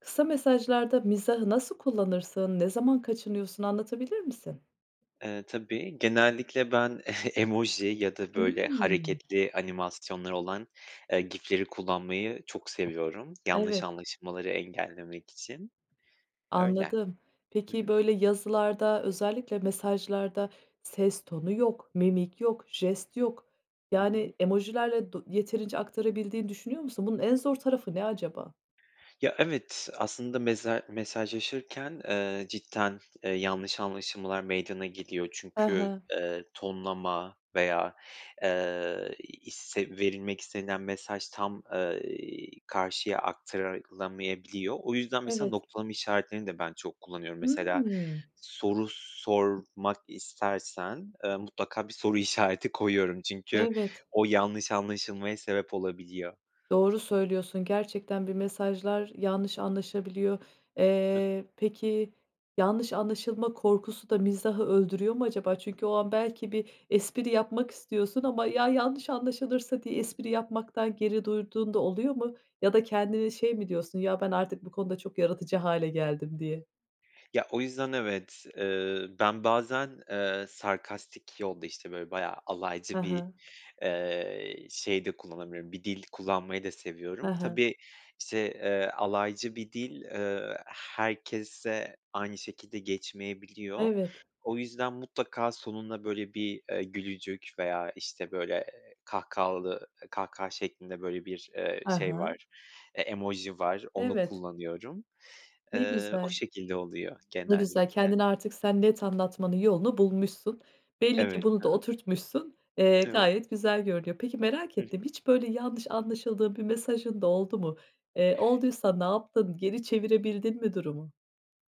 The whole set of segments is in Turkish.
Kısa mesajlarda mizahı nasıl kullanırsın, ne zaman kaçınıyorsun, anlatabilir misin? Eee, tabii, genellikle ben emoji ya da böyle Hımm. hareketli animasyonları olan, eee, GIF'leri kullanmayı çok seviyorum. Yanlış Evet. anlaşmaları engellemek için. Öyle. Anladım. Hı Peki, hı. böyle yazılarda, özellikle mesajlarda ses tonu yok, mimik yok, jest yok, Hı hı. yani, emojilerle do yeterince aktarabildiğini düşünüyor musun? Bunun en zor tarafı ne acaba? Ya, evet, aslında meza mesajlaşırken, eee, cidden, eee, yanlış anlaşılmalar meydana geliyor. Ha Çünkü, ha. eee, tonlama veya, eee, isse verilmek istenilen mesaj tam, ııı, karşıya aktarılamayabiliyor o yüzden mesela Evet. noktalama işaretlerini de ben çok kullanıyorum. Mesela Hımm. soru sormak istersen, eee, mutlaka bir soru işareti koyuyorum. Çünkü Evet. o yanlış anlaşılmaya sebep olabiliyor. Doğru söylüyorsun, gerçekten bir mesajlar yanlış anlaşabiliyor. Hıh. Eee, peki, yanlış anlaşılma korkusu da mizahı öldürüyor mu acaba? Çünkü o an belki bir espri yapmak istiyorsun ama, "Ya, yanlış anlaşılırsa?" diye espri yapmaktan geri durduğun da oluyor mu? Ya da kendine şey mi diyorsun, "Ya ben artık bu konuda çok yaratıcı hâle geldim." diye? Ya, o yüzden evet. Iıı, ben bazen, ııı, sarkastik yol da işte böyle bayağı Hı alaycı bir, hı. ııı, şey de kullanabiliyorum, bir dil kullanmayı da Hı seviyorum. hı. Tabii, işte, ııı, alaycı bir dil, ııı, herkese aynı şekilde Ay, geçmeyebiliyor. evet. O yüzden mutlaka sonuna böyle bir, eee, gülücük veya, işte, böyle, eee, kahkahalı kahkaha şeklinde böyle bir, ııı, Hı şey hı. var, e emoji var. Onu Evet. kullanıyorum. Ne Iıı, o güzel. şekilde oluyor Ne güzel genellikle. kendini artık sen net anlatmanın yolunu bulmuşsun. Belli ki Evet. bunu da Hı hı. oturtmuşsun, eee, Evet. gayet güzel görünüyor. Peki, merak Hı hı. ettim hiç böyle yanlış anlaşıldığın bir mesajın da oldu mu? Eee, olduysa ne yaptın? Geri çevirebildin mi durumu?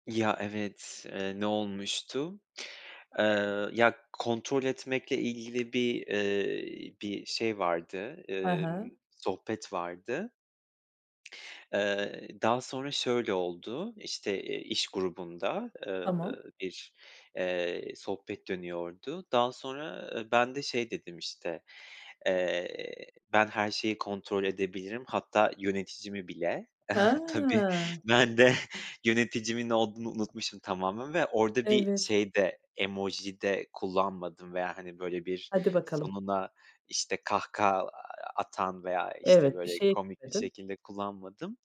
Ya evet, ııı, ne olmuştu? Iıı, ya kontrol etmekle ilgili bir, ııı, bir şey vardı, Hı ııı, hı. sohbet vardı. Iıı, daha sonra şöyle oldu, işte, eee, iş grubunda, Tamam. ııı, bir, eee, sohbet dönüyordu. Daha sonra ben de şey dedim, işte, eee, "Ben her şeyi kontrol edebilirim. Hatta yöneticimi bile." Tabii Hıı. ben de yöneticimin olduğunu unutmuşum tamamen ve orada bir Evet. şey de emoji de kullanmadım veya, hani, böyle, bir Hadi bakalım. sonuna, işte, kahkaha a atan veya, işte, Evet, bir böyle, şey komik bir [unintelligible] şekilde kullanmadım.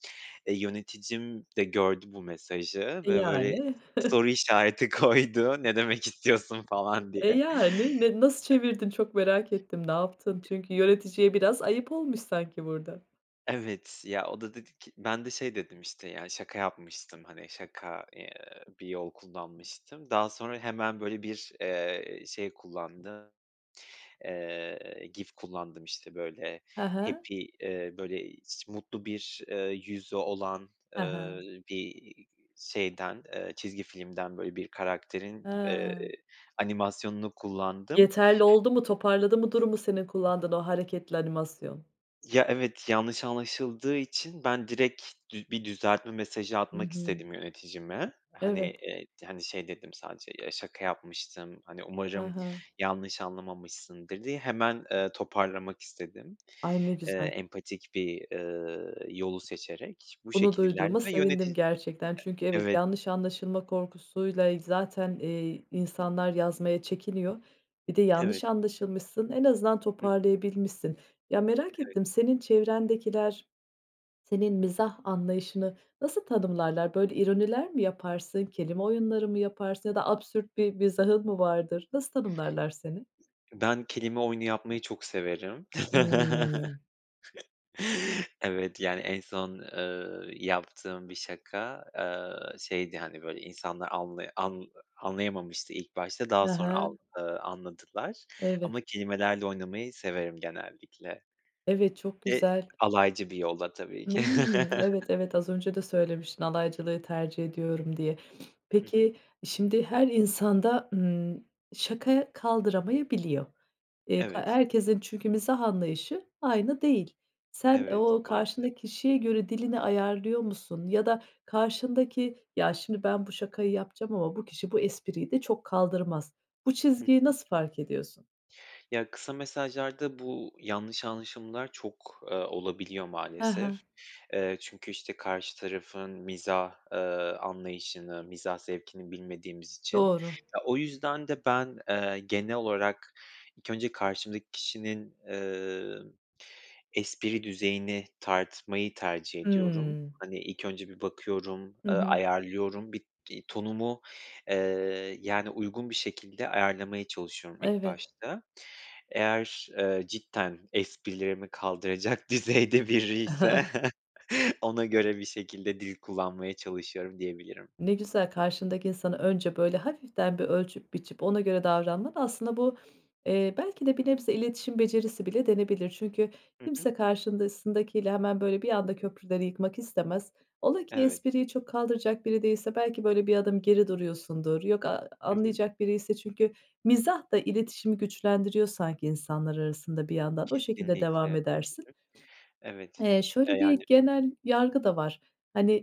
E, yöneticim de gördü bu mesajı Eee, ve böyle yani? soru işareti koydu, ne demek istiyorsun falan diye. Eee, yani, ne nasıl çevirdin çok merak ettim ne yaptın? E Çünkü yöneticiye biraz ayıp olmuş sanki burada. Evet. Ya o da dedi ki Ben de şey dedim işte, "Ya, şaka yapmıştım, hani şaka, ııı, bir yol kullanmıştım." Daha sonra hemen böyle bir, eee, şey kullandım. Eee, GIF kullandım işte, böyle Ha ha. happy eee, böyle hiç mutlu bir, eee, yüzü olan, Ha eee, ha. bir şeyden, eee, çizgi filmden böyle bir karakterin, eee, Ha. animasyonunu kullandım. Yeterli oldu mu? Toparladı mı durumu senin kullandığın o hareketli animasyon? Ya evet, yanlış anlaşıldığı için ben direkt dü bir düzeltme mesajı Hı atmak hı. istedim yöneticime. Hani, Evet. eee, hani, şey dedim sadece "Ya şaka yapmıştım, hani, Ha umarım ha. yanlış anlamamışsındır." diye hemen, eee, toparlamak istedim. Ay! Ne Eee, güzel. empatik bir, eee, yolu seçerek bu Bunu şekil ilerledi duyduğuma ve sevindim yöneti gerçekten. Çünkü evet, Evet. yanlış anlaşılma korkusuyla zaten, ııı, insanlar yazmaya çekiniyor, bir de Evet. yanlış anlaşılmışsın, en azından Hı hı. toparlayabilmişsin. Ya, merak Evet. ettim, senin çevrendekiler senin mizah anlayışını nasıl tanımlarlar? Böyle ironiler mi yaparsın, kelime oyunları mı yaparsın ya da absürt bir mizahın mı vardır, nasıl tanımlarlar seni? Ben kelime oyunu yapmayı çok severim. Hımm. Evet, yani en son, eee, yaptığım bir şaka, eee, şeydi, hani, böyle insanlar anla an anlayamamıştı ilk başta. Daha Hı sonra al hı. ııı, anladılar Evet. ama kelimelerle oynamayı severim genellikle. Evet, çok Ve güzel. alaycı bir yolla tabii ki. Imm. Evet, evet. Az önce de söylemiştin alaycılığı tercih ediyorum diye. Hı hı. Peki e, şimdi her insan da, ımm, şaka kaldıramayabiliyor. Eee, k Evet. herkesin çünkü mizah anlayışı aynı değil. Sen, Evet. ooo, Maalesef. karşındaki kişiye göre dilini ayarlıyor musun ya da karşındaki, "Ya, şimdi ben bu şakayı yapacağım ama bu kişi bu espriyi de çok kaldırmaz." Bu Hı çizgiyi hı. nasıl fark ediyorsun? Ya, kısa mesajlarda bu yanlış anlaşılmalar çok, eee, olabiliyor Ha ha. maalesef. Eee, çünkü, işte, karşı tarafın mizah, eee, anlayışını, mizah zevkini bilmediğimiz için. Doğru. O yüzden de ben, eee, genel olarak ilk önce karşımdaki kişinin, eee, espri düzeyini tartmayı tercih ediyorum. Hımm. Hani, ilk önce bir bakıyorum, Hı ııı, hı. ayarlıyorum. Bir, iii, tonumu, eee, yani, uygun bir şekilde ayarlamaya çalışıyorum ilk Evet. başta. Eğer, eee, cidden esprilerimi kaldıracak düzeyde biriyse ona göre bir şekilde dil kullanmaya çalışıyorum diyebilirim. Ne güzel, karşındaki insanı önce böyle hafiften bir ölçüp biçip ona göre davranman aslında bu, eee, belki de bir nebze iletişim becerisi bile denebilir. Çünkü Hı hı. kimse karşısındakiyle hemen böyle bir anda köprüleri yıkmak istemez, ola ki Evet. espriyi çok kaldıracak biri değilse belki böyle bir adım geri duruyorsundur. Yok, a Hı hı. anlayacak biriyse. Çünkü mizah da iletişimi güçlendiriyor sanki insanlar arasında bir yandan, o şekilde devam Kesinlikle. edersin. Evet. Eee, E, şöyle yani. bir genel yargı da var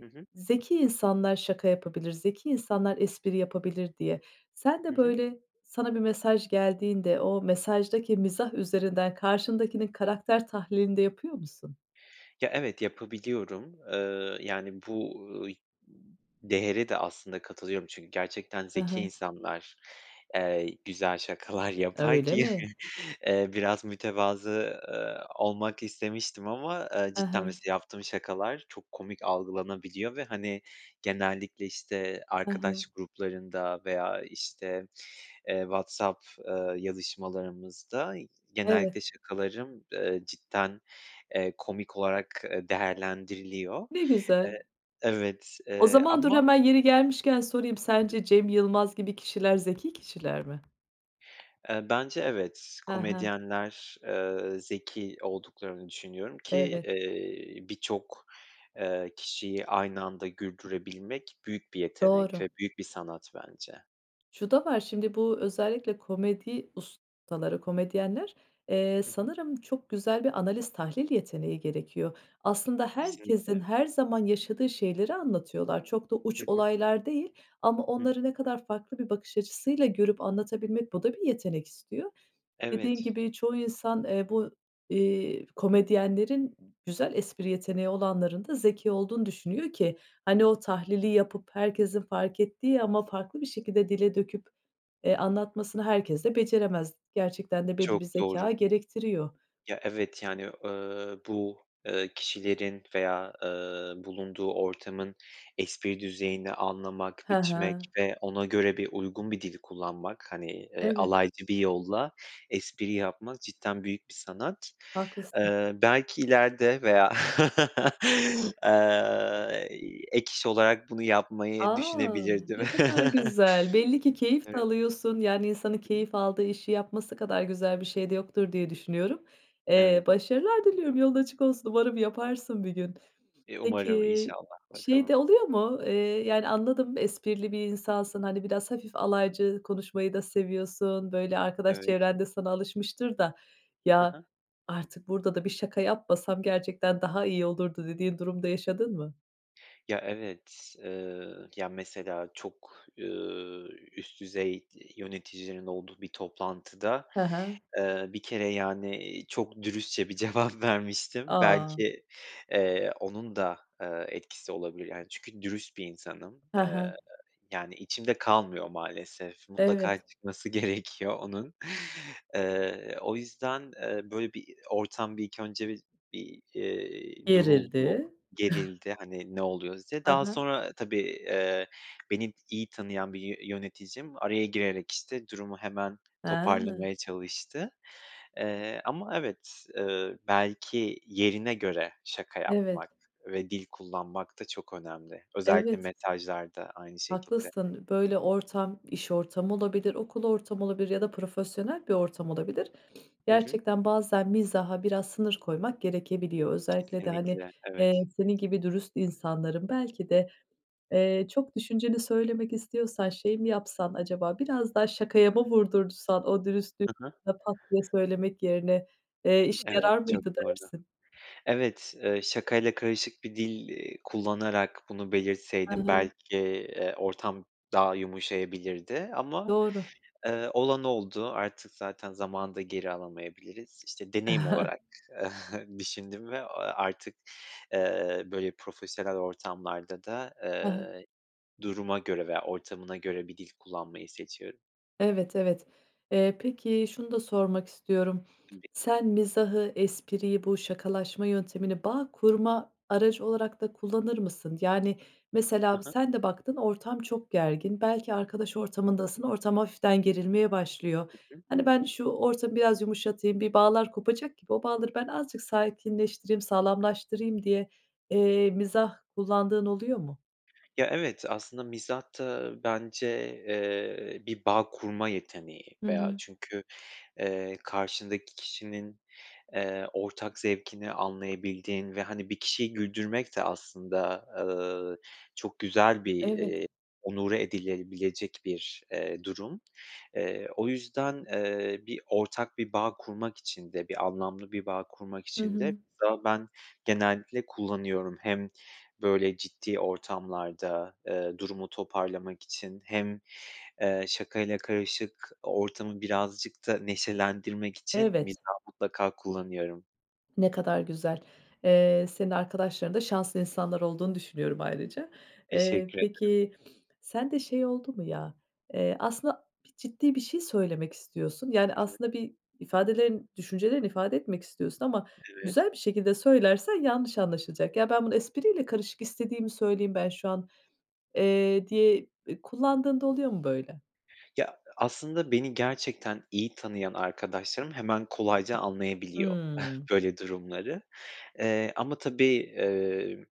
Hı hı. "Zeki insanlar şaka yapabilir, zeki insanlar espri yapabilir." diye. Sen Hı de hı. böyle sana bir mesaj geldiğinde o mesajdaki mizah üzerinden karşındakinin karakter tahlilini de yapıyor musun? Ya, evet yapabiliyorum, eee, yani, bu ıy değere de aslında katılıyorum. Çünkü gerçekten Hı zeki hı. insanlar, eee, güzel şakalar yapar Öyle ki, mi? eee, biraz mütevazı, ııı, olmak istemiştim ama, eee, Hı cidden hı. mesela yaptığım şakalar çok komik algılanabiliyor ve, hani, genellikle, işte, Hı hı. arkadaş gruplarında veya, işte, eee, WhatsApp, eee, yazışmalarımızda Evet. genellikle şakalarım, eee, cidden, eee, komik olarak, eee, değerlendiriliyor, Ne güzel. eee Evet, O eee, zaman dur, ama hemen yeri gelmişken sorayım. Sence Cem Yılmaz gibi kişiler zeki kişiler mi? Eee, bence evet, Hı hı. komedyenler, eee, zeki olduklarını düşünüyorum ki, Evet. eee, birçok, eee, kişiyi aynı anda güldürebilmek büyük bir yetenek Doğru. ve büyük bir sanat bence. Şu da var, şimdi bu özellikle komedi ustaları, komedyenler, eee, Hı hı. sanırım çok güzel bir analiz, tahlil yeteneği gerekiyor. Aslında Kesinlikle. herkesin her zaman yaşadığı şeyleri anlatıyorlar, çok da Hı uç hı. olaylar değil ama Hı hı. onları ne kadar farklı bir bakış açısıyla görüp anlatabilmek, bu da bir yetenek istiyor. Dediğin Evet. gibi çoğu insan, eee, bu, eee, komedyenlerin güzel espri yeteneği olanların da zeki olduğunu düşünüyor ki hani o tahlili yapıp herkesin fark ettiği ama farklı bir şekilde dile döküp, eee, anlatmasını herkes de beceremez, gerçekten de belli Çok bir zekâ doğru. gerektiriyor. Ya, evet. Yani, eee, bu, eee, kişilerin veya, ııı, bulunduğu ortamın espri düzeyini anlamak, Ha biçmek ha. ve ona göre bir uygun bir dil kullanmak, hani, eee, Evet. alaycı bir yolla espri yapmak cidden büyük bir sanat. Haklısın. Eee, belki ileride veya, eee, ek iş olarak bunu yapmayı A! düşünebilirdim. Ne kadar güzel. Belli ki keyif de Evet. alıyorsun, yani, insanın keyif aldığı işi yapması kadar güzel bir şey de yoktur diye düşünüyorum. Eee, Evet. başarılar diliyorum, yolun açık olsun. Umarım yaparsın bir gün. E, umarım. Peki, İnşallah, şey de bakalım. oluyor mu, eee, yani, anladım, esprili bir insansın, hani biraz hafif Hı hı. alaycı konuşmayı da seviyorsun, böyle arkadaş Evet. çevrende sana alışmıştır da Ha "Ya, ha. artık burada da bir şaka yapmasam gerçekten daha iyi olurdu." dediğin durum da yaşadın mı? Ya evet, eee, ya mesela çok, ııı, üst düzey yöneticinin olduğu bir toplantıda, Ha ha. eee, bir kere, yani, iii, çok dürüstçe bir cevap vermiştim. A! Belki, eee, onun da, eee, etkisi olabilir, yani, çünkü dürüst bir insanım, Ha eee, ha. yani, içimde kalmıyor maalesef. Mutlaka Evet. çıkması gerekiyor onun. Eee, o yüzden, eee, böyle bir i o ortam bir ilk önce bir bir, iii, duruldu, Gerildi. gerildi, hani "Ne oluyoruz?" diye. Ha Daha ha. sonra tabii, eee, beni i iyi tanıyan bir yö yöneticim araya girerek işte durumu hemen Ha. toparlamaya çalıştı. Eee, ama evet, eee, belki yerine göre şaka Evet. yapmak ve dil kullanmak da çok önemli. Özellikle Evet. mesajlarda aynı şekilde. Haklısın, böyle ortam, iş ortamı olabilir, okul ortamı olabilir ya da profesyonel bir ortam olabilir. Hı hı. Gerçekten bazen mizaha biraz sınır koymak gerekebiliyor. Özellikle de hani, Kesinlikle. eee, Evet. senin gibi dürüst insanların belki de, eee, çok düşünceni söylemek istiyorsan şey mi yapsan acaba, biraz daha şakaya mı vurdursan o dürüstlüğü Hı hı. pat diye söylemek yerine, eee, işe Evet, yarar çok mıydı doğru. dersin? Evet, eee, şakayla karışık bir dil, iii, kullanarak bunu Hı belirtseydim hı. belki, eee, ortam daha yumuşayabilirdi ama, Doğru. eee, olan oldu. Artık zaten zamanı da geri alamayabiliriz. İşte, deneyim olarak düşündüm ve, aaa, artık, eee, böyle, profesyonel ortamlarda da, Hı hı. eee, duruma göre veya ortamına göre bir dil kullanmayı seçiyorum. Evet, evet. Eee, peki, şunu da sormak istiyorum. [unintelligible] Sen mizahı, espriyi, bu şakalaşma yöntemini bağ kurma aracı olarak da kullanır mısın? Yani, mesela Ha bir ha. sen de baktın, ortam çok gergin, belki Hı hı. arkadaş ortamındasın, ortam hafiften gerilmeye başlıyor. Hı hı. Hani, "Ben şu ortamı biraz yumuşatayım, bir bağlar kopacak gibi o bağları ben azıcık sakinleştireyim, sağlamlaştırayım." diye, eee, mizah kullandığın oluyor mu? Ya, evet. Aslında mizah da bence, eee, bir bağ kurma yeteneği Hı veya hı. çünkü, eee, karşındaki kişinin, eee, ortak zevkini anlayabildiğin ve, hani, bir kişiyi güldürmek de aslında, ııı, çok güzel bir, Evet. eee, onore edilebilecek bir, eee, durum. Eee, o yüzden, eee, bir ortak bir bağ kurmak için de, bir anlamlı bir bağ kurmak Hı için de hı. mesela ben genellikle kullanıyorum. Hem böyle ciddi ortamlarda, eee, durumu toparlamak için hem, eee, şakayla karışık ortamı birazcık da neşelendirmek için Evet. mizah mutlaka kullanıyorum. Ne kadar güzel. Eee, senin arkadaşların da şanslı insanlar olduğunu düşünüyorum ayrıca. Eee, Teşekkür ederim. peki, sen de şey oldu mu, ya, eee, aslında bir ciddi bir şey söylemek istiyorsun, yani, Hı hı. aslında bir ifadelerin, düşüncelerini ifade etmek istiyorsun ama Evet. güzel bir şekilde söylersen yanlış anlaşılacak. Ya, ben bunu espriyle karışık istediğimi söyleyeyim, ben şu an, eee, diye, eee, kullandığında oluyor mu böyle? Ya, aslında beni gerçekten iyi tanıyan arkadaşlarım hemen kolayca anlayabiliyor, Hıı. böyle durumları. Eee, ama tabii, eee,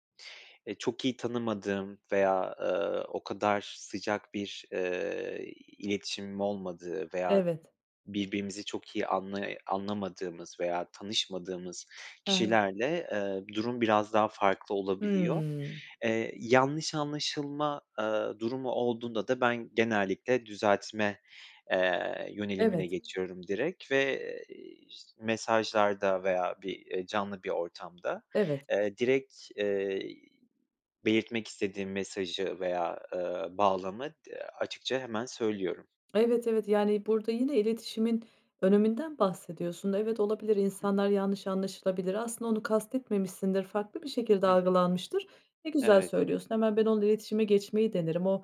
eee, çok iyi tanımadığım veya, ııı, o kadar sıcak bir, eee, iletişimim olmadığı veya Evet. birbirimizi çok iyi anlay anlamadığımız veya tanışmadığımız He he. kişilerle, eee, durum biraz daha farklı olabiliyor. Hıı. Eee, yanlış anlaşılma, eee, durumu olduğunda da ben genellikle düzeltme, eee, yönelimine Evet. geçiyorum direkt ve, eee, iş mesajlarda veya bir, eee, canlı bir ortamda, Evet. eee, direkt, eee, belirtmek istediğim mesajı veya, ııı, bağlamı di açıkça hemen söylüyorum. Evet, evet. Yani, burada yine iletişimin öneminden bahsediyorsun. Evet olabilir, insanlar yanlış anlaşılabilir. Aslında onu kastetmemişsindir, farklı bir şekilde Hı hı. algılanmıştır. Ne güzel Evet. söylüyorsun, "hemen ben onunla iletişime geçmeyi denerim. O,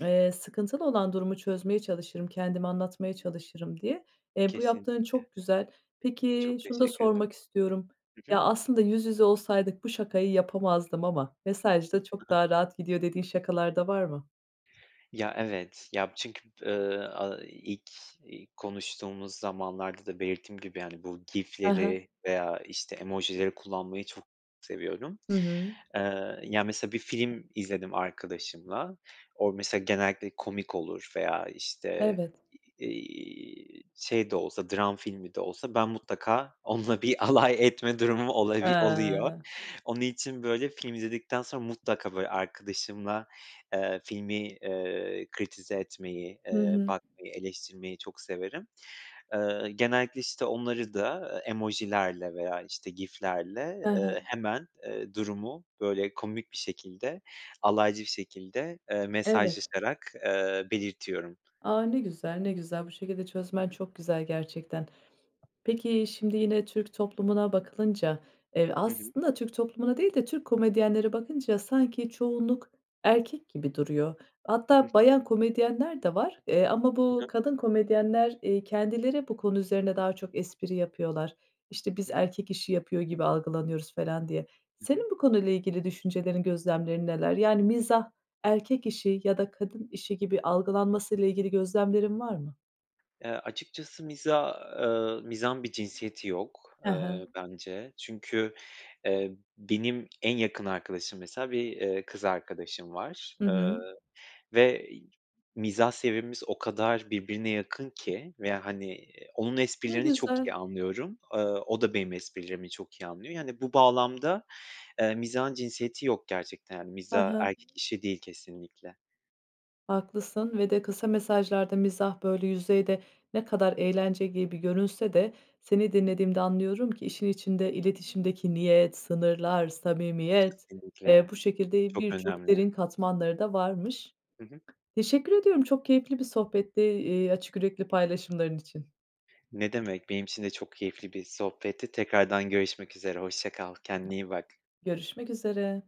eee, sıkıntılı olan durumu çözmeye çalışırım, kendimi anlatmaya çalışırım" diye. Eee, bu yaptığın Kesinlikle. çok güzel. Peki, Çok şunu da teşekkür ederim. sormak istiyorum, Hı ya, hı. "aslında yüz yüze olsaydık bu şakayı yapamazdım ama mesajda Hı çok hı. daha rahat gidiyor" dediğin şakalar da var mı? Ya, evet. Ya, b çünkü, ııı, aaa, ilk i konuştuğumuz zamanlarda da belirttiğim gibi, hani, bu He he. GIF'leri veya, işte, emojileri kullanmayı çok seviyorum. Hı hı. Eee, ya, mesela bir film izledim arkadaşımla. O mesela genellikle komik olur veya, işte, Evet. iii, şey de olsa, dram filmi de olsa ben mutlaka onunla bir alay etme durumum olabi oluyor. He. Onun için, böyle, film izledikten sonra mutlaka, böyle, arkadaşımla, eee, filmi, eee, kritize etmeyi, Hı eee, hı. bakmayı, eleştirmeyi çok severim. Eee, genellikle, işte, onları da, eee, emojilerle veya, işte, GIF'lerle, He he. eee, hemen, eee, durumu, böyle, komik bir şekilde, alaycı bir şekilde, eee, Evet. mesajlaşarak, eee, belirtiyorum. A, ne güzel, ne güzel. Bu şekilde Hı çözmen hı. çok güzel gerçekten. Peki, şimdi, yine Türk toplumuna bakılınca, eee, Hı hı. aslında Türk toplumuna değil de, Türk komedyenlere bakınca sanki çoğunluk erkek gibi duruyor. Hı Hatta hı. bayan komedyenler de var, eee, ama Hı bu hı. kadın komedyenler, iii, kendileri bu konu üzerine daha çok espri yapıyorlar. İşte, Hı biz hı. erkek işi yapıyor gibi algılanıyoruz falan diye. Hı hı. Senin bu konuyla ilgili düşüncelerin, gözlemlerin neler? Yani, mizah erkek işi ya da kadın işi gibi algılanmasıyla ilgili gözlemlerin var mı? Eee, açıkçası mizah, ııı, mizahın bir cinsiyeti yok, He he. eee, bence. Çünkü, eee, benim en yakın arkadaşım mesela bir, eee, kız arkadaşım var, Hı hı. ııı, ve i mizah seviyemiz o kadar birbirine yakın ki ve, hani, iii, onun Ne esprilerini çok iyi güzel. anlıyorum. Iıı, o da benim esprilerimi çok iyi anlıyor. Yani, bu bağlamda, eee, mizahın cinsiyeti yok gerçekten. Hani, He mizah he. erkek işi değil kesinlikle. Haklısın ve de kısa mesajlarda mizah, böyle, yüzeyde ne kadar eğlence gibi görünse de, seni dinlediğimde anlıyorum ki; işin içinde iletişimdeki niyet, sınırlar, samimiyet, eee, Kesinlikle. bu şekilde Çok birçok önemli. derin katmanları da varmış. Hı hı. Teşekkür ediyorum çok keyifli bir sohbetti, eee, açık yürekli paylaşımların için. Ne demek, benim için de çok keyifli bir sohbetti. Tekrardan görüşmek üzere. Hoşça kal. Kendine iyi bak. Görüşmek üzere.